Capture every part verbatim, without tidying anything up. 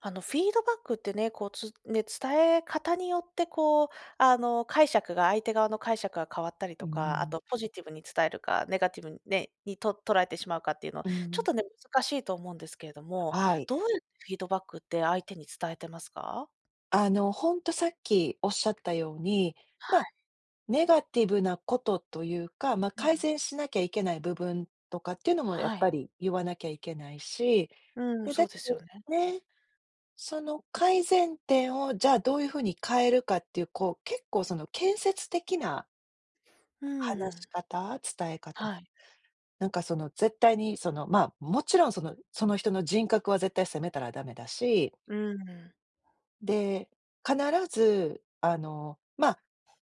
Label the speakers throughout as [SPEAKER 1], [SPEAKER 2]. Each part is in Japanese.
[SPEAKER 1] あのフィードバックってね、こう、つね、伝え方によってこう、あの、解釈が、相手側の解釈が変わったり
[SPEAKER 2] うー
[SPEAKER 1] とか、あ
[SPEAKER 2] ん。
[SPEAKER 1] とポジティブに伝えるか、ネガティブにね、に、と捉えてしまうかっていうのは、
[SPEAKER 2] う
[SPEAKER 1] ちょっ
[SPEAKER 2] ん。
[SPEAKER 1] とね、難しいと思うんですけれども、
[SPEAKER 2] はい。
[SPEAKER 1] どうやってフィードバックって相手に伝えてますか？
[SPEAKER 2] あの、ほんとさっきおっしゃったように、
[SPEAKER 1] は
[SPEAKER 2] ま、
[SPEAKER 1] い。
[SPEAKER 2] ネガティブなことというか、ま、
[SPEAKER 1] う
[SPEAKER 2] 改
[SPEAKER 1] ん。
[SPEAKER 2] 善しなきゃいけない部分とかっていうのもやっ
[SPEAKER 1] は
[SPEAKER 2] ぱ
[SPEAKER 1] い。
[SPEAKER 2] り言わなきゃいけないし、
[SPEAKER 1] うん、
[SPEAKER 2] で、
[SPEAKER 1] そ
[SPEAKER 2] だ
[SPEAKER 1] う
[SPEAKER 2] け
[SPEAKER 1] ですよ
[SPEAKER 2] ど
[SPEAKER 1] ね。
[SPEAKER 2] ね、その改善点をじゃあどういうふうに変えるかっていう、こう、結構その建設的な
[SPEAKER 1] う
[SPEAKER 2] 話し
[SPEAKER 1] ん。
[SPEAKER 2] 方、伝え方、
[SPEAKER 1] はい。
[SPEAKER 2] なんかその絶対にその、ま、もちろんその、その人の人格は絶対責めたらダメだし
[SPEAKER 1] うん。
[SPEAKER 2] で、必ず、あの、ま、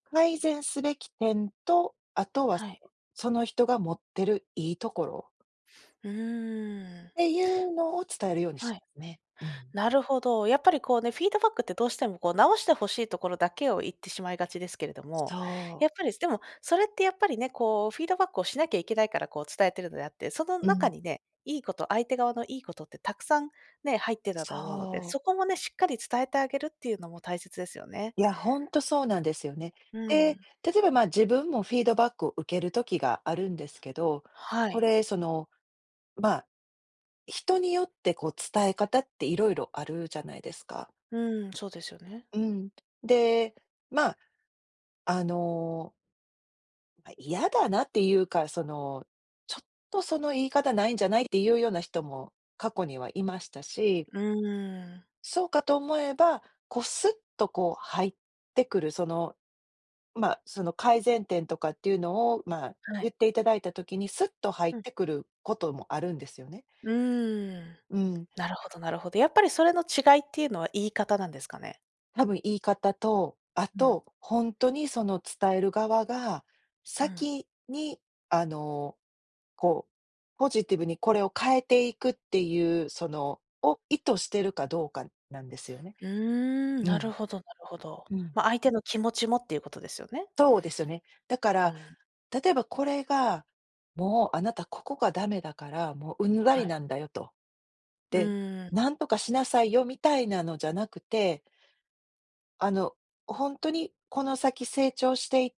[SPEAKER 2] 改善すべき点と、あとは
[SPEAKER 1] はい。
[SPEAKER 2] その人が持ってるいいところ。
[SPEAKER 1] うーん。
[SPEAKER 2] っていうのを伝えるようにし
[SPEAKER 1] は
[SPEAKER 2] て
[SPEAKER 1] い。
[SPEAKER 2] ますね。うん。
[SPEAKER 1] なるほど、やっぱりこうね、フィードバックってどうしてもこう直して欲しいところだけを言ってしまいがちですけれども、
[SPEAKER 2] そう。
[SPEAKER 1] やっぱりでもそれってやっぱりね、こうフィードバックをしなきゃいけないからこう伝えているのであって、その
[SPEAKER 2] う
[SPEAKER 1] 中
[SPEAKER 2] ん。
[SPEAKER 1] にね、いいこと相手側のいいことってたくさん、ね、入ってたと思うので、
[SPEAKER 2] そう。
[SPEAKER 1] そこもね、しっかり伝えてあげるっていうのも大切ですよね。
[SPEAKER 2] いや、ほんとそうなんですよね。
[SPEAKER 1] う
[SPEAKER 2] で、
[SPEAKER 1] ん。
[SPEAKER 2] 例えば、ま、自分もフィードバックを受ける時があるんですけど、
[SPEAKER 1] は
[SPEAKER 2] こ
[SPEAKER 1] い。
[SPEAKER 2] れ、その、ま、人によってこう伝え方っていろいろあるじゃないですか。
[SPEAKER 1] うん、そうですよね。
[SPEAKER 2] うん、で、ま、あのま、嫌だなっていうか、その、ちょっとその言い方ないんじゃないっていうような人も過去にはいましたし
[SPEAKER 1] うーん。
[SPEAKER 2] そうかと思えば、こうすっとこう入ってくる、その、ま、その改善点とかっていうのを、ま、
[SPEAKER 1] はい。
[SPEAKER 2] 言っていただいた時にすっと入っ
[SPEAKER 1] うん。
[SPEAKER 2] てくることもあるんですよね。
[SPEAKER 1] うーん、
[SPEAKER 2] うん。
[SPEAKER 1] なるほどなるほど。やっぱりそれの違いっていうのは言い方なんですかね。
[SPEAKER 2] たぶん言い方と、あ
[SPEAKER 1] うん。
[SPEAKER 2] と、ほんとにその伝える側が、
[SPEAKER 1] うん。
[SPEAKER 2] 先に、あの、こう、ポジティブにこれを変えていくっていう、その、を意図しているかどうかなんですよね。
[SPEAKER 1] うーん、
[SPEAKER 2] う
[SPEAKER 1] な
[SPEAKER 2] ん。
[SPEAKER 1] るほどなるほど。
[SPEAKER 2] うん。
[SPEAKER 1] ま、相手の気持ちもっていうことですよね。
[SPEAKER 2] そうですよね。だか
[SPEAKER 1] う
[SPEAKER 2] ら、
[SPEAKER 1] ん。
[SPEAKER 2] 例えばこれが「もうあなたここがダメだから、もううんざ
[SPEAKER 1] は
[SPEAKER 2] り
[SPEAKER 1] い。
[SPEAKER 2] なんだよ」と。
[SPEAKER 1] う
[SPEAKER 2] で
[SPEAKER 1] ーん。
[SPEAKER 2] 「何とかしなさいよ」みたいなのじゃなくてあの、ほんとにこの先成長していっ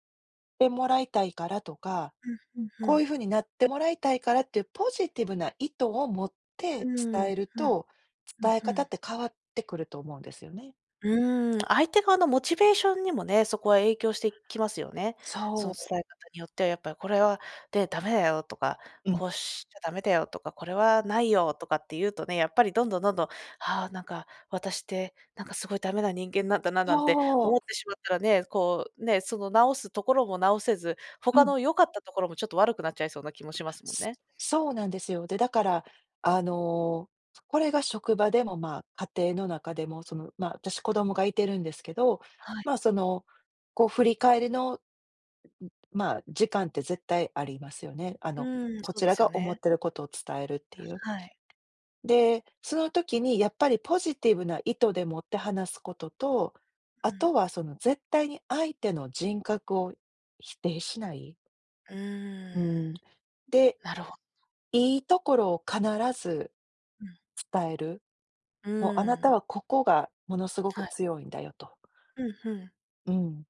[SPEAKER 2] てもらいたいからとか、
[SPEAKER 1] うんうんう
[SPEAKER 2] こうい
[SPEAKER 1] ん。
[SPEAKER 2] うふうになってもらいたいからっていうポジティブな意図を持っ
[SPEAKER 1] う
[SPEAKER 2] て
[SPEAKER 1] ー
[SPEAKER 2] 伝
[SPEAKER 1] ん。
[SPEAKER 2] える
[SPEAKER 1] うん。
[SPEAKER 2] と、伝え
[SPEAKER 1] うんう
[SPEAKER 2] 方
[SPEAKER 1] ん。
[SPEAKER 2] って変わってくると思うんですよね。
[SPEAKER 1] うーん、相手側のモチベーションにもね、そこは影響してきますよね。そ
[SPEAKER 2] そ
[SPEAKER 1] の
[SPEAKER 2] う。
[SPEAKER 1] 伝え方によってはやっぱり「これはね、ダメだよ」とか
[SPEAKER 2] うん。
[SPEAKER 1] 「こうしちゃダメだよとか、これはないよ」とかって言うとね、やっぱりどんどんどんどん「はあ、なんか、私ってなんかすごいダメな人間なんだな」なんて
[SPEAKER 2] そう。
[SPEAKER 1] 思ってしまったらね、こう、ね、その直すところも直せず、
[SPEAKER 2] う
[SPEAKER 1] 他
[SPEAKER 2] ん。
[SPEAKER 1] の良かったところもちょっと悪くなっちゃいそうな気もしますもん
[SPEAKER 2] す
[SPEAKER 1] ね。
[SPEAKER 2] そうなんですよ。で、だから、あの、これが職場でも、ま、家庭の中でも、その、ま、私子供がいてるんですけど、
[SPEAKER 1] はい。
[SPEAKER 2] ま、その、こう振り返りの、う、ま、時間って絶対ありますよね。あ
[SPEAKER 1] う
[SPEAKER 2] の、
[SPEAKER 1] ーん、
[SPEAKER 2] こ
[SPEAKER 1] そう
[SPEAKER 2] ち
[SPEAKER 1] で
[SPEAKER 2] ら
[SPEAKER 1] すよ
[SPEAKER 2] が思
[SPEAKER 1] ね。
[SPEAKER 2] ってることを伝えるっていう。
[SPEAKER 1] あ、はい。
[SPEAKER 2] で、その時にやっぱりポジティブな意図でもって話すことと、
[SPEAKER 1] う
[SPEAKER 2] あ
[SPEAKER 1] ん。
[SPEAKER 2] とはその絶対に相手の人格を否定しない。
[SPEAKER 1] うー
[SPEAKER 2] うん。
[SPEAKER 1] ん、
[SPEAKER 2] で、
[SPEAKER 1] なるほど。
[SPEAKER 2] いいところを必ず、
[SPEAKER 1] うん。
[SPEAKER 2] 伝える。
[SPEAKER 1] う
[SPEAKER 2] も、あな
[SPEAKER 1] ー
[SPEAKER 2] た
[SPEAKER 1] ん。
[SPEAKER 2] はここが、ものすごく
[SPEAKER 1] はい。
[SPEAKER 2] 強いんだよと。
[SPEAKER 1] うん、ふん。
[SPEAKER 2] うん。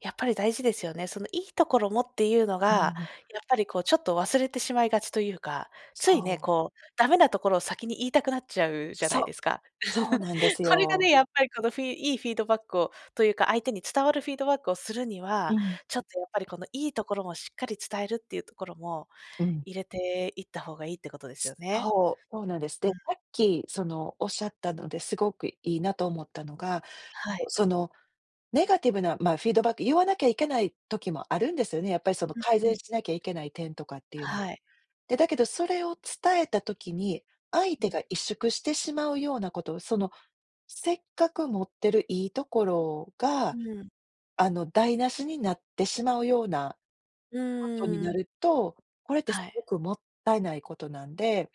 [SPEAKER 1] やっぱり大事ですよね。そのいいところもっていうの
[SPEAKER 2] う
[SPEAKER 1] が、
[SPEAKER 2] ん。
[SPEAKER 1] やっぱりこうちょっと、忘れてしまいがちというか、ついね、
[SPEAKER 2] そう。
[SPEAKER 1] こう、ダメなところを先に言いたくなっちゃうじゃな
[SPEAKER 2] そ
[SPEAKER 1] い
[SPEAKER 2] う、
[SPEAKER 1] ですか。
[SPEAKER 2] そう なんです
[SPEAKER 1] それが
[SPEAKER 2] よ。
[SPEAKER 1] ね、やっぱりこのフィいいフィードバックをというか、相手に伝わるフィードバックをするには、
[SPEAKER 2] うん。
[SPEAKER 1] ちょっとやっぱり、この、いいところもしっかり伝えるっていうところも、
[SPEAKER 2] うん。
[SPEAKER 1] 入れていった方がいいってことですよね。
[SPEAKER 2] そう、そうなんです。
[SPEAKER 1] う
[SPEAKER 2] で、さ
[SPEAKER 1] ん。
[SPEAKER 2] っきその仰ったので、すごくいいなと思ったのが、
[SPEAKER 1] はい。
[SPEAKER 2] そう、その、ネガティブな、まあ、フィードバック、言わなきゃいけない時もあるんですよね。やっぱりその、
[SPEAKER 1] うん
[SPEAKER 2] 改
[SPEAKER 1] う
[SPEAKER 2] 善
[SPEAKER 1] ん。
[SPEAKER 2] しなきゃいけない点とかっていうの。
[SPEAKER 1] はい。
[SPEAKER 2] で、だけどそれを伝えた時に、相
[SPEAKER 1] う
[SPEAKER 2] 手が
[SPEAKER 1] ん。
[SPEAKER 2] 萎縮してしまうようなことを、そのせっかく持ってるいいところ
[SPEAKER 1] う
[SPEAKER 2] が、
[SPEAKER 1] ん。
[SPEAKER 2] あの台無しになってしまうような、
[SPEAKER 1] う
[SPEAKER 2] ことに
[SPEAKER 1] ー
[SPEAKER 2] な
[SPEAKER 1] ん。
[SPEAKER 2] ると、これってす
[SPEAKER 1] は
[SPEAKER 2] ご
[SPEAKER 1] い。
[SPEAKER 2] くもったいないことなんで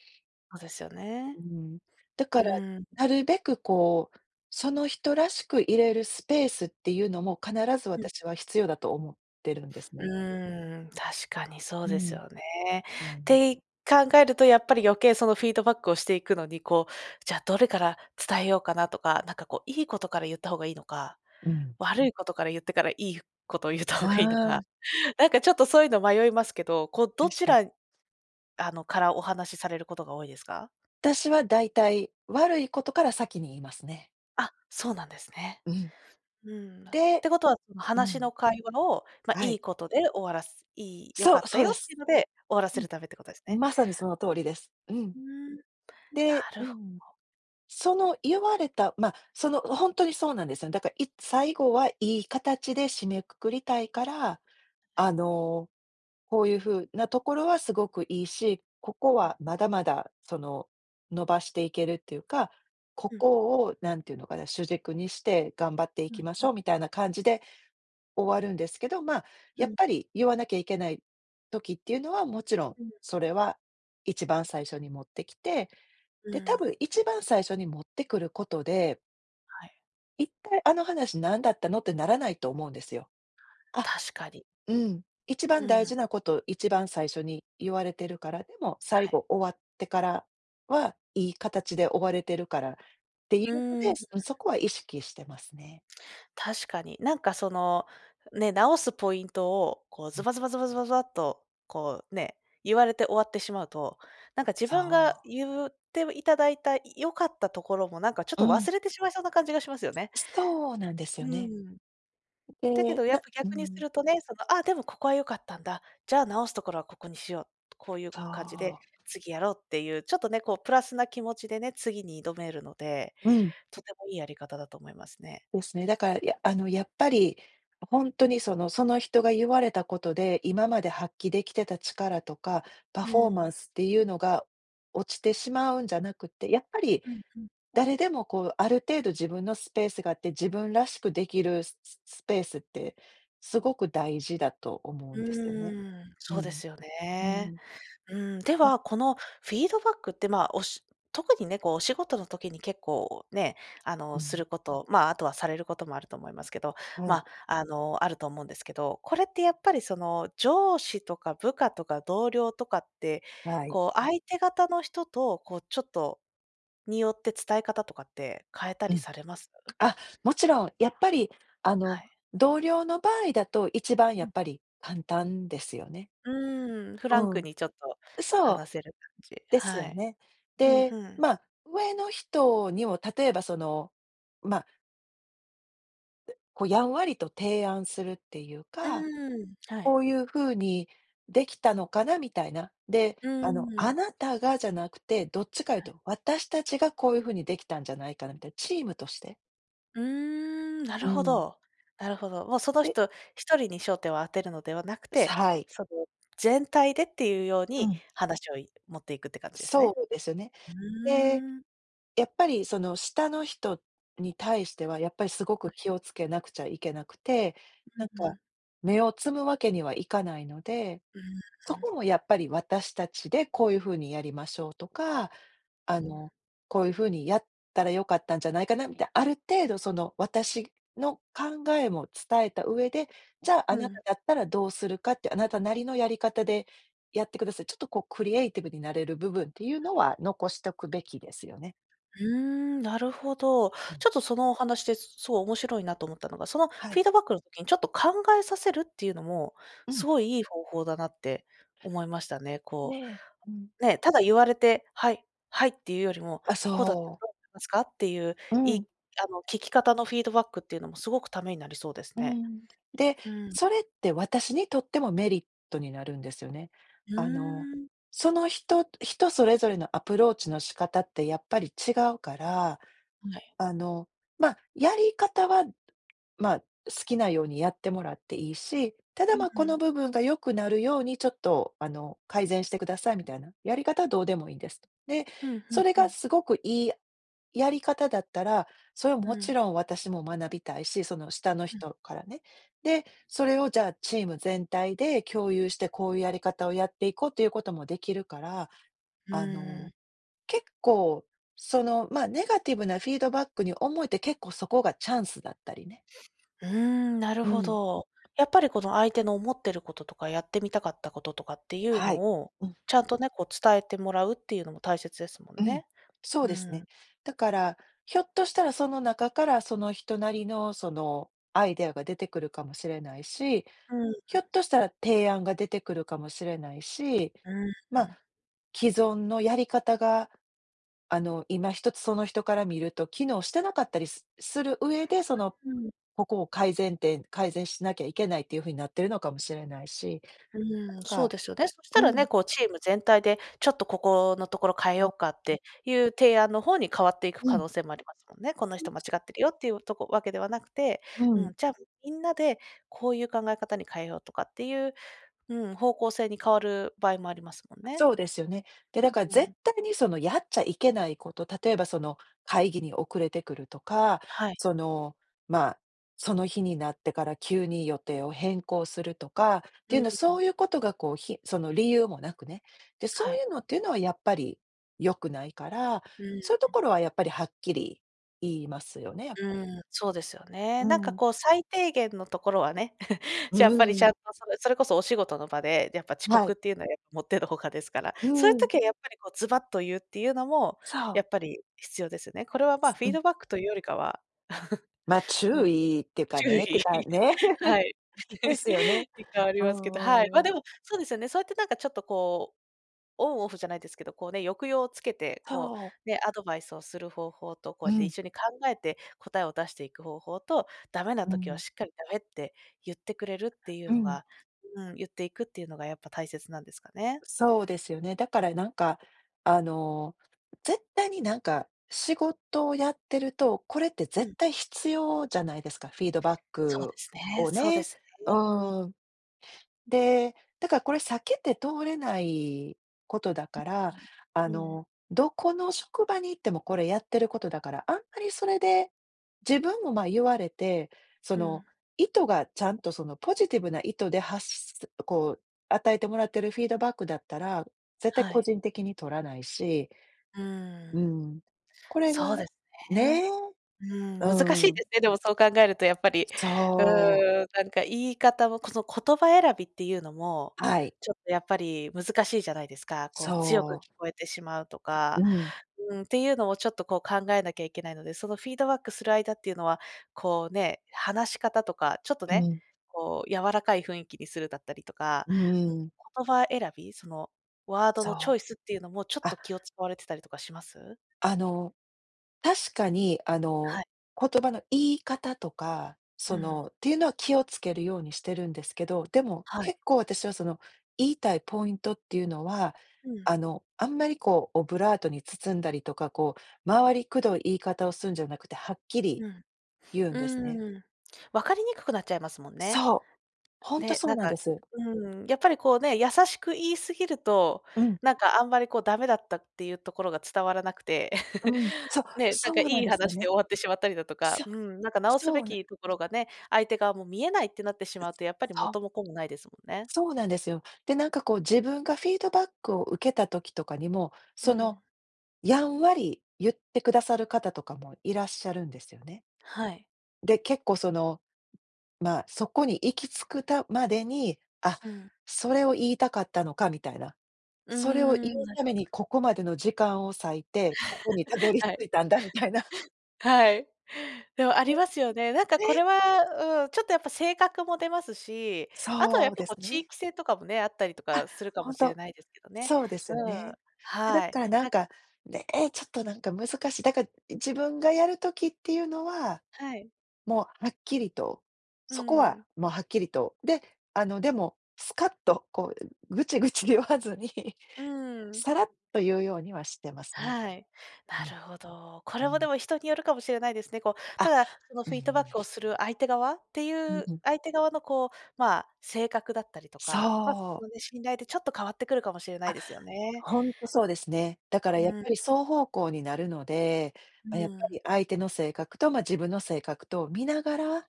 [SPEAKER 1] そうですよ
[SPEAKER 2] う
[SPEAKER 1] ね。
[SPEAKER 2] ん。だか
[SPEAKER 1] う
[SPEAKER 2] ら、
[SPEAKER 1] ん。
[SPEAKER 2] なるべくこう、その人らしくいれるスペースっていうのも、必ず
[SPEAKER 1] うん。
[SPEAKER 2] 私は必要だと思ってるんです
[SPEAKER 1] う
[SPEAKER 2] ね。
[SPEAKER 1] ーん、確かにそう
[SPEAKER 2] う
[SPEAKER 1] です
[SPEAKER 2] ん。
[SPEAKER 1] よね。
[SPEAKER 2] う
[SPEAKER 1] っ
[SPEAKER 2] ん。
[SPEAKER 1] てい考えるとやっぱり余計、そのフィードバックをしていくのに、こう、じゃあどれから伝えようかなとか、なんかこう、いいことから言った方がいいのか、
[SPEAKER 2] うん。
[SPEAKER 1] 悪いことから言ってから、いいことを言った方がいいの
[SPEAKER 2] あ
[SPEAKER 1] か、
[SPEAKER 2] あ。
[SPEAKER 1] なんかちょっと、そういうの迷いますけど、こうど
[SPEAKER 2] 確
[SPEAKER 1] ち
[SPEAKER 2] かに。
[SPEAKER 1] らあの、からお話されることが多いですか？
[SPEAKER 2] 私は大体、悪いことから先に言いますね。
[SPEAKER 1] あ、そうなんですね。
[SPEAKER 2] うん。
[SPEAKER 1] うん。っ
[SPEAKER 2] で
[SPEAKER 1] てことはその
[SPEAKER 2] う
[SPEAKER 1] 話の
[SPEAKER 2] ん。
[SPEAKER 1] 会話を、ま、
[SPEAKER 2] は
[SPEAKER 1] い
[SPEAKER 2] い。
[SPEAKER 1] いことで終わらす、いい良
[SPEAKER 2] そ
[SPEAKER 1] か
[SPEAKER 2] う
[SPEAKER 1] った
[SPEAKER 2] そう
[SPEAKER 1] よ
[SPEAKER 2] で
[SPEAKER 1] ってい
[SPEAKER 2] す。
[SPEAKER 1] うので、終わらせ
[SPEAKER 2] う
[SPEAKER 1] る
[SPEAKER 2] ん。
[SPEAKER 1] ためってことですね。
[SPEAKER 2] まさにその通りです。うん。
[SPEAKER 1] うん、な
[SPEAKER 2] で
[SPEAKER 1] る
[SPEAKER 2] う
[SPEAKER 1] ほ
[SPEAKER 2] ん。
[SPEAKER 1] お
[SPEAKER 2] その言われた、ま、そのほんとにそうなんですよね。だから、いつ最後はいい形で締めくくりたいから、
[SPEAKER 1] は
[SPEAKER 2] あ
[SPEAKER 1] い。
[SPEAKER 2] の、「こういう風なところはすごくいいし、ここ
[SPEAKER 1] うん。
[SPEAKER 2] はまだまだその、伸ばしていけるっていうか、こ
[SPEAKER 1] うん。
[SPEAKER 2] こを何て言うのかな、主軸にして頑張ってい
[SPEAKER 1] うん
[SPEAKER 2] きまし
[SPEAKER 1] うん。
[SPEAKER 2] ょう」みたいな感じで終わるんですけど、まあ、
[SPEAKER 1] う
[SPEAKER 2] やっ
[SPEAKER 1] ん。
[SPEAKER 2] ぱり言わなきゃいけない時っていうのは、もちろん、
[SPEAKER 1] うん。
[SPEAKER 2] それは一番最初に持ってきて、
[SPEAKER 1] う
[SPEAKER 2] で、多
[SPEAKER 1] ん。
[SPEAKER 2] 分一番最初に持ってくることで
[SPEAKER 1] はい。
[SPEAKER 2] 一体、あの話なんだったのってならないと思うんですよ。あ、
[SPEAKER 1] 確かに。
[SPEAKER 2] うん、一
[SPEAKER 1] う
[SPEAKER 2] 番大
[SPEAKER 1] ん。
[SPEAKER 2] 事なこと、一番最初に言われてるから、でも、最
[SPEAKER 1] はい。
[SPEAKER 2] 後終わってからは、いい形で終われてるからってい
[SPEAKER 1] う
[SPEAKER 2] うので、
[SPEAKER 1] ーん。
[SPEAKER 2] うん、そこは意識してますね。
[SPEAKER 1] 確かに。なんか、そのね、直すポイントを、こう、ズ
[SPEAKER 2] [unintelligible]
[SPEAKER 1] バズバズバズバズバっとこうね、言われて終わってしまうと、なんか、自
[SPEAKER 2] そ
[SPEAKER 1] 分が
[SPEAKER 2] う。
[SPEAKER 1] 言っていただいた良かったところも、なんか、ちょっ
[SPEAKER 2] う
[SPEAKER 1] と
[SPEAKER 2] ん。
[SPEAKER 1] 忘れてしまいそうな感じがしますよね。
[SPEAKER 2] そうなんですよ
[SPEAKER 1] う
[SPEAKER 2] ね。
[SPEAKER 1] ん。だけ
[SPEAKER 2] で、
[SPEAKER 1] ど、やっ
[SPEAKER 2] な
[SPEAKER 1] ぱ
[SPEAKER 2] う
[SPEAKER 1] 逆にす
[SPEAKER 2] ん。
[SPEAKER 1] るとね、その、あ、でもここは良かったんだ、じゃあ直すところはここにしよう、こういう
[SPEAKER 2] そ
[SPEAKER 1] 感じで
[SPEAKER 2] う。
[SPEAKER 1] 次やろうっていう、ちょっとね、こう、プラスな気持ちでね、次に挑めるので、
[SPEAKER 2] うん。
[SPEAKER 1] とてもいいやり方だと思いますね。
[SPEAKER 2] ですね。だから、や、あのやっぱり、ほんとにその、その人が言われたことで、今まで発揮出来てた力とか、パ
[SPEAKER 1] う
[SPEAKER 2] フォーマン
[SPEAKER 1] ん。
[SPEAKER 2] スっていうのが落ちてしまうんじゃなくって、やっぱり
[SPEAKER 1] うんうん。
[SPEAKER 2] 誰でも、こう、ある程度自分のスペースがあって、自分らしくできるスススペースって、すごく大事だと思
[SPEAKER 1] う
[SPEAKER 2] うんですよね。
[SPEAKER 1] ーん、
[SPEAKER 2] う
[SPEAKER 1] そうで
[SPEAKER 2] ん。
[SPEAKER 1] すよ
[SPEAKER 2] う
[SPEAKER 1] ね。
[SPEAKER 2] ん。
[SPEAKER 1] うん、で
[SPEAKER 2] うん。
[SPEAKER 1] は、このフィードバックって、ま、おし特にね、こう、お仕事の時に結構ね、あ
[SPEAKER 2] う
[SPEAKER 1] の、す
[SPEAKER 2] ん。
[SPEAKER 1] ること、まあ、あとはされることもあると思いますけど、
[SPEAKER 2] は
[SPEAKER 1] ま
[SPEAKER 2] い。
[SPEAKER 1] あ、あの、あると思うんですけど、これってやっぱり、その上司とか部下とか同僚とかって、
[SPEAKER 2] はい。
[SPEAKER 1] こう、相手方の人と、こう、ちょっと、によって、伝え方とかって変えた
[SPEAKER 2] う
[SPEAKER 1] り
[SPEAKER 2] ん。
[SPEAKER 1] されます？
[SPEAKER 2] あ、もちろん、やっぱり、あ
[SPEAKER 1] は
[SPEAKER 2] の、
[SPEAKER 1] い。
[SPEAKER 2] 同僚の場合だと一番、や
[SPEAKER 1] う
[SPEAKER 2] っ
[SPEAKER 1] ん。
[SPEAKER 2] ぱり簡単ですよね。
[SPEAKER 1] うーん、フ
[SPEAKER 2] う
[SPEAKER 1] ランク
[SPEAKER 2] ん。
[SPEAKER 1] にちょっと
[SPEAKER 2] そう。
[SPEAKER 1] 話せる感じ。
[SPEAKER 2] です
[SPEAKER 1] は
[SPEAKER 2] よ
[SPEAKER 1] い。
[SPEAKER 2] ね。
[SPEAKER 1] うん、
[SPEAKER 2] で、
[SPEAKER 1] ふん。
[SPEAKER 2] まあ、上の人にも例えば、その、まあこう、やんわりと提案するっていう
[SPEAKER 1] う
[SPEAKER 2] か、
[SPEAKER 1] ーん、は
[SPEAKER 2] 「こ
[SPEAKER 1] い。
[SPEAKER 2] ういうふうにできたのかな？」みたいな。で、
[SPEAKER 1] うー
[SPEAKER 2] あの、あ
[SPEAKER 1] ん。
[SPEAKER 2] なたがじゃなくて、どっちかいう
[SPEAKER 1] はい。
[SPEAKER 2] と、私たちがこういうふうにできたんじゃないかなみたいな、チームとして。
[SPEAKER 1] うーん、な
[SPEAKER 2] うー
[SPEAKER 1] るほ
[SPEAKER 2] ん。
[SPEAKER 1] ど、なるほど。もう、その
[SPEAKER 2] で
[SPEAKER 1] 人ひとりに焦点を当てるのではなくて、
[SPEAKER 2] さ、はい。
[SPEAKER 1] その、全体でっていうよう
[SPEAKER 2] う
[SPEAKER 1] に
[SPEAKER 2] ん。
[SPEAKER 1] 話を、い持っていくって感じです
[SPEAKER 2] そ
[SPEAKER 1] ね。
[SPEAKER 2] うですね。
[SPEAKER 1] う
[SPEAKER 2] で、
[SPEAKER 1] ーん。
[SPEAKER 2] やっぱり、その、下の人に対しては、やっぱり、すご
[SPEAKER 1] は
[SPEAKER 2] く
[SPEAKER 1] い。
[SPEAKER 2] 気をつけなくちゃいけなくて、
[SPEAKER 1] う
[SPEAKER 2] なん
[SPEAKER 1] ん。
[SPEAKER 2] か、
[SPEAKER 1] ね。
[SPEAKER 2] 芽を摘むわけにはいかないので、
[SPEAKER 1] うー
[SPEAKER 2] そ
[SPEAKER 1] ん。ん。
[SPEAKER 2] こも、やっぱり、私たちでこういうふうにやりましょうとか、あ
[SPEAKER 1] ね。
[SPEAKER 2] の、こういうふうにやったら良かったんじゃないかなみたい、ある程度、その、私の考えも伝えた上で、じゃあ、
[SPEAKER 1] う
[SPEAKER 2] あなた
[SPEAKER 1] ん。
[SPEAKER 2] だったらどうするかって、あなたなりのやり方でやってください。ちょっと、こう、クリエイティブになれる部分っていうのは残しとくべきですよね。
[SPEAKER 1] うーん、なるほど。
[SPEAKER 2] うん。
[SPEAKER 1] ちょっと、そのお話で、そそう、面白いなと思ったのが、その、フ
[SPEAKER 2] はい。
[SPEAKER 1] ィードバックの時にちょっと考えさせるっていうのも、
[SPEAKER 2] う
[SPEAKER 1] す
[SPEAKER 2] ん。
[SPEAKER 1] ごいいい方法だなって思いましたね。こ
[SPEAKER 2] ね、うん。
[SPEAKER 1] う、ね、ただ言われて、はい、はいっていうよりも、
[SPEAKER 2] あ、
[SPEAKER 1] こうだった
[SPEAKER 2] そ
[SPEAKER 1] ら
[SPEAKER 2] う。
[SPEAKER 1] どう思いますかっていう、
[SPEAKER 2] う
[SPEAKER 1] いい
[SPEAKER 2] ん。
[SPEAKER 1] あの、聞き方のフィードバックっていうのも、すごくためになりそうです
[SPEAKER 2] うー
[SPEAKER 1] ね。
[SPEAKER 2] ん。で、
[SPEAKER 1] うーん。
[SPEAKER 2] それって私にとってもメリットになるんですよね。
[SPEAKER 1] う
[SPEAKER 2] あの、
[SPEAKER 1] ーん。
[SPEAKER 2] その人人それぞれのアプローチの仕方ってやっぱり違うから、
[SPEAKER 1] はい。
[SPEAKER 2] あの、まあ、やり方は、まあ、好きなようにやってもらっていいし、ただ、
[SPEAKER 1] うん
[SPEAKER 2] ま、こ
[SPEAKER 1] う
[SPEAKER 2] の
[SPEAKER 1] ん。
[SPEAKER 2] 部分が良くなるように、ちょっと、あの、「改善してください」みたいな、「やり方はどうでもいいです」と。で、
[SPEAKER 1] うんうん
[SPEAKER 2] それ
[SPEAKER 1] う
[SPEAKER 2] が
[SPEAKER 1] ん。
[SPEAKER 2] すごくいいやり方だったら、それ、も
[SPEAKER 1] う
[SPEAKER 2] ち
[SPEAKER 1] ん。
[SPEAKER 2] ろん私も学びたいし、その、下の
[SPEAKER 1] うん。
[SPEAKER 2] 人からね。で、それを、じゃあ、チーム全体で共有して、「こういうやり方をやっていこう」ということもできるから、
[SPEAKER 1] う
[SPEAKER 2] あ
[SPEAKER 1] ーん。
[SPEAKER 2] の、結構、その、ま、ネガティブなフィードバックに思えて、結構、そこがチャンスだったりね。
[SPEAKER 1] うーん、なる
[SPEAKER 2] うー
[SPEAKER 1] ほ
[SPEAKER 2] ん。
[SPEAKER 1] ど。やっぱり、この、相手の思ってることとか、やってみたかったこととかっていう
[SPEAKER 2] は
[SPEAKER 1] の
[SPEAKER 2] い、
[SPEAKER 1] を、
[SPEAKER 2] うん。
[SPEAKER 1] ちゃんとね、こう、伝えてもらうっていうのも大切ですも
[SPEAKER 2] う
[SPEAKER 1] ん
[SPEAKER 2] ん、
[SPEAKER 1] ね。
[SPEAKER 2] そ
[SPEAKER 1] う
[SPEAKER 2] うです
[SPEAKER 1] ー
[SPEAKER 2] ね。
[SPEAKER 1] ん。
[SPEAKER 2] だから、ひょっとしたら、その中からその人なりの、その、アイデアが出てくるかもしれないし、
[SPEAKER 1] うーん。
[SPEAKER 2] ひょっとしたら、提案が出てくるかもしれないし、
[SPEAKER 1] うーん、う
[SPEAKER 2] ま、
[SPEAKER 1] ん。
[SPEAKER 2] 既存のやり方が、あの、今一つ、その人から見ると機能してなかったり、すする上で、その、
[SPEAKER 1] うーん。
[SPEAKER 2] ここを改善点改善しなきゃいけないっていうふうになっているのかもしれないし、
[SPEAKER 1] う
[SPEAKER 2] なん
[SPEAKER 1] ーん、そう
[SPEAKER 2] か
[SPEAKER 1] ですよね。そした
[SPEAKER 2] う
[SPEAKER 1] ら
[SPEAKER 2] ん。
[SPEAKER 1] ね、こう、チーム全体で、ちょっとここのところ変え
[SPEAKER 2] そ
[SPEAKER 1] ようかっ
[SPEAKER 2] あ、ん。
[SPEAKER 1] ていう提案の方に、変わっていく
[SPEAKER 2] う
[SPEAKER 1] 可
[SPEAKER 2] ん。
[SPEAKER 1] 能性もありますもんね。この人間
[SPEAKER 2] [unintelligible]
[SPEAKER 1] 違ってるよっていう、とこわけではなくて、
[SPEAKER 2] う
[SPEAKER 1] う
[SPEAKER 2] ん。
[SPEAKER 1] ん、じゃあ、みんなでこういう考え方に変えようとかっていう、うん、方向性に変わる場合もありますもん
[SPEAKER 2] あ、
[SPEAKER 1] ね。
[SPEAKER 2] そうですよね。で、だから、
[SPEAKER 1] う
[SPEAKER 2] 絶
[SPEAKER 1] ん。
[SPEAKER 2] 対に、その、やっちゃいけないこと、例えば、その、会議に遅れてくるとか、
[SPEAKER 1] はい。
[SPEAKER 2] その、まあ、その日になってから急に予定を変更するとかっていうのは、そう
[SPEAKER 1] [unintelligible]
[SPEAKER 2] いうことが、こう、ひその理由もなくね。で、
[SPEAKER 1] は
[SPEAKER 2] そうい
[SPEAKER 1] い。
[SPEAKER 2] うのっていうのはやっぱり良くないから、
[SPEAKER 1] うーん。
[SPEAKER 2] そういうところは、やっぱり、はっきり言いますよね、やっ
[SPEAKER 1] う
[SPEAKER 2] ぱり。
[SPEAKER 1] ーん、そうですよ
[SPEAKER 2] う
[SPEAKER 1] ね。
[SPEAKER 2] ー
[SPEAKER 1] なんか、
[SPEAKER 2] ん。
[SPEAKER 1] こう、最低限のところはね、
[SPEAKER 2] う
[SPEAKER 1] やっぱり、ち
[SPEAKER 2] ーん。
[SPEAKER 1] ゃんと、それそれこそお仕事の場で、やっぱ、遅
[SPEAKER 2] はい。
[SPEAKER 1] 刻っていうのは、やっぱ、以ての外ですから。
[SPEAKER 2] う
[SPEAKER 1] そういう
[SPEAKER 2] ーん。
[SPEAKER 1] 時は、やっぱり、こう、ズバッと言うっていうのも、
[SPEAKER 2] さ
[SPEAKER 1] や
[SPEAKER 2] あ。
[SPEAKER 1] っぱり必要ですよね。これは、まあ、フ
[SPEAKER 2] う
[SPEAKER 1] ィー
[SPEAKER 2] ん。
[SPEAKER 1] ドバックというよりかは
[SPEAKER 2] ま、
[SPEAKER 1] う
[SPEAKER 2] 注
[SPEAKER 1] ん、
[SPEAKER 2] 意ってか
[SPEAKER 1] 注
[SPEAKER 2] ねて
[SPEAKER 1] 意、
[SPEAKER 2] かね、
[SPEAKER 1] はい。
[SPEAKER 2] ですよね。
[SPEAKER 1] に、変わり
[SPEAKER 2] う
[SPEAKER 1] ますけ
[SPEAKER 2] ん
[SPEAKER 1] ど、はい。
[SPEAKER 2] うん
[SPEAKER 1] ま、
[SPEAKER 2] うん。
[SPEAKER 1] でも、そうですよね。そうやって、なんか、ちょっと、こう、オンオフじゃないですけど、こう、ね、抑揚をつけて、こ
[SPEAKER 2] そう。
[SPEAKER 1] う、ね、アドバイスをする方法と、こ
[SPEAKER 2] う
[SPEAKER 1] うやって
[SPEAKER 2] ん。
[SPEAKER 1] 一緒に考えて答えを出していく方法と、ダメな
[SPEAKER 2] う
[SPEAKER 1] 時は
[SPEAKER 2] ん。
[SPEAKER 1] しっかり「ダメ」って言ってくれるっていう
[SPEAKER 2] う
[SPEAKER 1] の
[SPEAKER 2] ん。
[SPEAKER 1] がうん、言っていくっていうのが、やっぱ大切なんですかね。
[SPEAKER 2] そうですよね。だから、なんか、あの、絶対に、なんか、仕事をやってるとこれって
[SPEAKER 1] う
[SPEAKER 2] 絶
[SPEAKER 1] ん。
[SPEAKER 2] 対必要じゃないですか、フィードバッ
[SPEAKER 1] そうで
[SPEAKER 2] ク
[SPEAKER 1] すね
[SPEAKER 2] を
[SPEAKER 1] そうで
[SPEAKER 2] ね
[SPEAKER 1] すね、
[SPEAKER 2] う
[SPEAKER 1] うん。
[SPEAKER 2] ーん。で、だから、これ避けて通れないことだから、あ
[SPEAKER 1] うん、うーん。
[SPEAKER 2] の、どこの職場に行ってもこれやってることだから、あんまり、それで、自分も、ま、言われて、そ
[SPEAKER 1] う
[SPEAKER 2] の、
[SPEAKER 1] ん。
[SPEAKER 2] 意図がちゃんと、その、ポジティブな意図で発し、す、こう、与えてもらってるフィードバックだったら、絶対
[SPEAKER 1] は
[SPEAKER 2] 個
[SPEAKER 1] い。
[SPEAKER 2] 人的に取らないし。
[SPEAKER 1] うー
[SPEAKER 2] う
[SPEAKER 1] ん。
[SPEAKER 2] ん、これが
[SPEAKER 1] そうですね。
[SPEAKER 2] ね、
[SPEAKER 1] うーん、難し
[SPEAKER 2] う
[SPEAKER 1] いで
[SPEAKER 2] ん。
[SPEAKER 1] すね、でも、そう考えると、やっぱり、う
[SPEAKER 2] そう。
[SPEAKER 1] ーん、なんか、言い方も、この、言葉選びっていうのも、
[SPEAKER 2] はい。
[SPEAKER 1] ちょっと、やっぱり難しいじゃないですか。こう、強く
[SPEAKER 2] そう。
[SPEAKER 1] 聞こえてしまうとか、
[SPEAKER 2] うん。
[SPEAKER 1] うーん、っていうのを、ちょっと、こう、考えなきゃいけないので、その、フィードバックする間っていうのは、こう、ね、話し方とか、ちょっと
[SPEAKER 2] う
[SPEAKER 1] ね、
[SPEAKER 2] ん。
[SPEAKER 1] こう、柔らかい雰囲気にするだったりとか、
[SPEAKER 2] う
[SPEAKER 1] うん、
[SPEAKER 2] ーん。
[SPEAKER 1] 言葉選び、その、ワード
[SPEAKER 2] そ
[SPEAKER 1] のチョイ
[SPEAKER 2] う。
[SPEAKER 1] スっていうのも、ちょっ
[SPEAKER 2] あ
[SPEAKER 1] と気を使われてたりとかします？
[SPEAKER 2] あの、確かに、あの、
[SPEAKER 1] はい。
[SPEAKER 2] 言葉の言い方とか、
[SPEAKER 1] う
[SPEAKER 2] そ
[SPEAKER 1] ーん。
[SPEAKER 2] の、っていうのは気をつけるようにしてるんですけど、でも、
[SPEAKER 1] はい。
[SPEAKER 2] 結構、私は、その、言いたいポイントっていうのは、
[SPEAKER 1] うん。
[SPEAKER 2] あの、あんまり、こう、オブラートに包んだりとか、こう、回りくどい言い方をするんじゃなくて、はっきり
[SPEAKER 1] うん。
[SPEAKER 2] 言うん
[SPEAKER 1] う
[SPEAKER 2] ですね。
[SPEAKER 1] ーん、分かりにくくなっちゃいますもんね。
[SPEAKER 2] そう、ほんと
[SPEAKER 1] で、
[SPEAKER 2] そ
[SPEAKER 1] な
[SPEAKER 2] う
[SPEAKER 1] ん
[SPEAKER 2] なん
[SPEAKER 1] か、
[SPEAKER 2] です。
[SPEAKER 1] うーん、やっぱり、こう、ね、優しく言い過ぎると、
[SPEAKER 2] うん。
[SPEAKER 1] なんか、あんまり、こう、ダメだったっていうところが伝わらなくて、
[SPEAKER 2] うん、そう
[SPEAKER 1] ね、なん
[SPEAKER 2] そ
[SPEAKER 1] か、い
[SPEAKER 2] うなん
[SPEAKER 1] い
[SPEAKER 2] ですよ
[SPEAKER 1] 話で
[SPEAKER 2] ね。
[SPEAKER 1] 終わってしまったりだとか、
[SPEAKER 2] そ
[SPEAKER 1] うん、なんか、直す
[SPEAKER 2] そ
[SPEAKER 1] べ
[SPEAKER 2] うな
[SPEAKER 1] きところがね、相手側も見えないってなってしまうと、やっぱり
[SPEAKER 2] そう。
[SPEAKER 1] 元も子もないですもんね。
[SPEAKER 2] そうなんですよ。で、なんか、こう、自分がフィードバックを受けた時とかにも、
[SPEAKER 1] う
[SPEAKER 2] その、
[SPEAKER 1] ん。
[SPEAKER 2] やんわりゆってくださる方とかもいらっしゃるんですよね。
[SPEAKER 1] はい。
[SPEAKER 2] で、結構、その、まあ、そこに行き着くたまでに、あ、
[SPEAKER 1] うん。
[SPEAKER 2] それを言いたかったのかみたいな。
[SPEAKER 1] うー
[SPEAKER 2] それを言
[SPEAKER 1] ん、
[SPEAKER 2] う
[SPEAKER 1] な
[SPEAKER 2] た
[SPEAKER 1] る
[SPEAKER 2] め
[SPEAKER 1] ほど。
[SPEAKER 2] にここまでの時間を割いて、ここにたど り
[SPEAKER 1] はい。
[SPEAKER 2] 着いたんだみたいな。
[SPEAKER 1] はい。でも、あり
[SPEAKER 2] よ。
[SPEAKER 1] ますよね。なんか、こ
[SPEAKER 2] ね。
[SPEAKER 1] れは、うん、ちょっと、やっぱ性格も出ますし、あとは、や
[SPEAKER 2] そ
[SPEAKER 1] っ
[SPEAKER 2] う
[SPEAKER 1] ぱ、
[SPEAKER 2] で
[SPEAKER 1] こう、
[SPEAKER 2] す
[SPEAKER 1] 地
[SPEAKER 2] ね。
[SPEAKER 1] 域性とかもね、あったりと
[SPEAKER 2] あ、
[SPEAKER 1] かするか
[SPEAKER 2] ほ
[SPEAKER 1] も
[SPEAKER 2] ん
[SPEAKER 1] しれ
[SPEAKER 2] と
[SPEAKER 1] ないですけどね。
[SPEAKER 2] そうですよ
[SPEAKER 1] うん。
[SPEAKER 2] ね。で、だっ
[SPEAKER 1] はい。
[SPEAKER 2] たら、なん
[SPEAKER 1] なん
[SPEAKER 2] か、ね、ちょっと、なんか、難しい。だから、自分がやる時っていうのは、
[SPEAKER 1] はい。
[SPEAKER 2] もう、はっきりと
[SPEAKER 1] う
[SPEAKER 2] そこ
[SPEAKER 1] ー
[SPEAKER 2] は、
[SPEAKER 1] ん。
[SPEAKER 2] もう、はっきりと、で、あの、でも、スカッと、こう、グチグチ言わずに、
[SPEAKER 1] うーん。
[SPEAKER 2] さらっと言うようにはしてますね。
[SPEAKER 1] はい。
[SPEAKER 2] う
[SPEAKER 1] な
[SPEAKER 2] ん。
[SPEAKER 1] るほど。こ
[SPEAKER 2] う
[SPEAKER 1] れも、で
[SPEAKER 2] ん。
[SPEAKER 1] も、人によるかもしれないですね。こう、た
[SPEAKER 2] あ、
[SPEAKER 1] だ、その、
[SPEAKER 2] うー
[SPEAKER 1] フィードバ
[SPEAKER 2] ん。
[SPEAKER 1] ックをする相手側って
[SPEAKER 2] う
[SPEAKER 1] い
[SPEAKER 2] ん
[SPEAKER 1] う
[SPEAKER 2] うん。
[SPEAKER 1] 相手側の、こう、まあ、性格だったりとか、ま、普
[SPEAKER 2] そう。
[SPEAKER 1] 通に信頼で、ちょっと変わってくるかもしれない
[SPEAKER 2] あ、
[SPEAKER 1] ですよね。
[SPEAKER 2] ほんとそうですね。だから、や
[SPEAKER 1] う
[SPEAKER 2] っ
[SPEAKER 1] ん。
[SPEAKER 2] ぱり双方向になるので、
[SPEAKER 1] う
[SPEAKER 2] まあ、やっ
[SPEAKER 1] ー
[SPEAKER 2] ぱ
[SPEAKER 1] ん。
[SPEAKER 2] り、相手の性格と、ま、自分の性格とを見ながら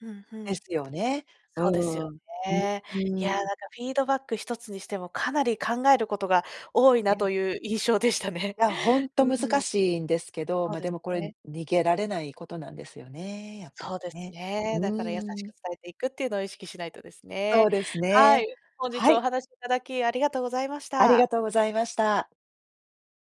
[SPEAKER 1] うんう
[SPEAKER 2] で
[SPEAKER 1] ん。
[SPEAKER 2] すよね、う
[SPEAKER 1] そうですよ
[SPEAKER 2] ーん、うん、
[SPEAKER 1] ね。い
[SPEAKER 2] う
[SPEAKER 1] や、な
[SPEAKER 2] ーん。
[SPEAKER 1] んか、フィードバック一つにしても、かなり考えることが多い
[SPEAKER 2] い
[SPEAKER 1] な
[SPEAKER 2] や
[SPEAKER 1] という印象でしたね。
[SPEAKER 2] いや、ほんと
[SPEAKER 1] うんう
[SPEAKER 2] 難
[SPEAKER 1] ん。
[SPEAKER 2] しいんですけど、
[SPEAKER 1] そう
[SPEAKER 2] ま、
[SPEAKER 1] で
[SPEAKER 2] で
[SPEAKER 1] す
[SPEAKER 2] も、これ、
[SPEAKER 1] ね。
[SPEAKER 2] 逃げられないことなんですよね、やっぱり
[SPEAKER 1] そうです
[SPEAKER 2] ね。
[SPEAKER 1] ね。
[SPEAKER 2] う
[SPEAKER 1] だから、優し
[SPEAKER 2] ー
[SPEAKER 1] く
[SPEAKER 2] ん。
[SPEAKER 1] 伝えていくっていうのを意識しないとです
[SPEAKER 2] そ
[SPEAKER 1] ね。
[SPEAKER 2] うです
[SPEAKER 1] は
[SPEAKER 2] ね、
[SPEAKER 1] い、本日
[SPEAKER 2] は
[SPEAKER 1] はお
[SPEAKER 2] い。
[SPEAKER 1] 話しいただきありがとうございまし
[SPEAKER 2] ありが
[SPEAKER 1] た。
[SPEAKER 2] とうございました。